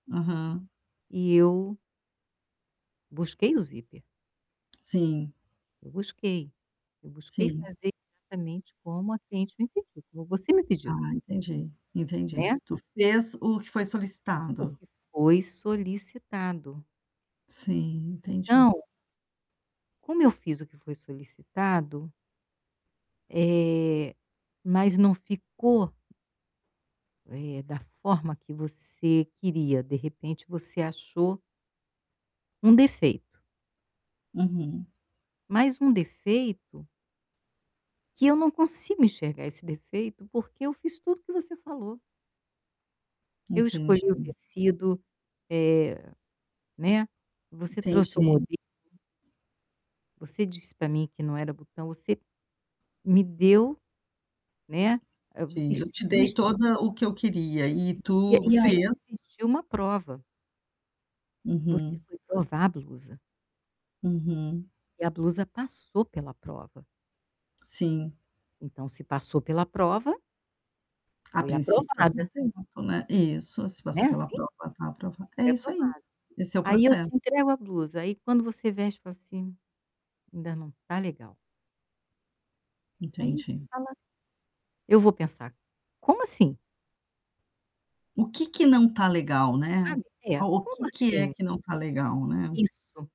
Uhum. E eu busquei o zíper Sim. eu busquei, eu busquei Sim. fazer exatamente como a cliente me pediu, como você me pediu Ah, entendi, entendi. né. Tu fez o que foi O solicitado. que foi solicitado. Sim, entendi. Então como eu fiz o que foi solicitado eh, mas não ficou eh, da forma que você queria, de repente você achou um defeito Uhum. mas um defeito que eu não consigo enxergar esse defeito porque eu fiz tudo o que você falou. Eu escolhi o Entendi. tecido, eh, né, você trouxe o Entendi. modelo você disse para mim que não era botão, você me deu, né, a Te eu isso te dei existe toda o que eu queria e e tu e aí fez. existiu uma prova você Uhum. foi provar a blusa Uhum. e a blusa passou pela prova Sim. então se passou pela prova A foi princípio aprovada. [unintelligible] né, isso, se Né, passou pela assim. prova tá aprova é Foi isso aprovada. aí, esse é o Aí eu proces te entrego a blusa, quando você veste e fala assim: "Ainda não está legal" aí Entendi. fala: "Eu vou pensar". Como assim? O que que [unintelligible] não está legal, né, sabe. o É, o como que que é assim? que não está legal, né. Isso.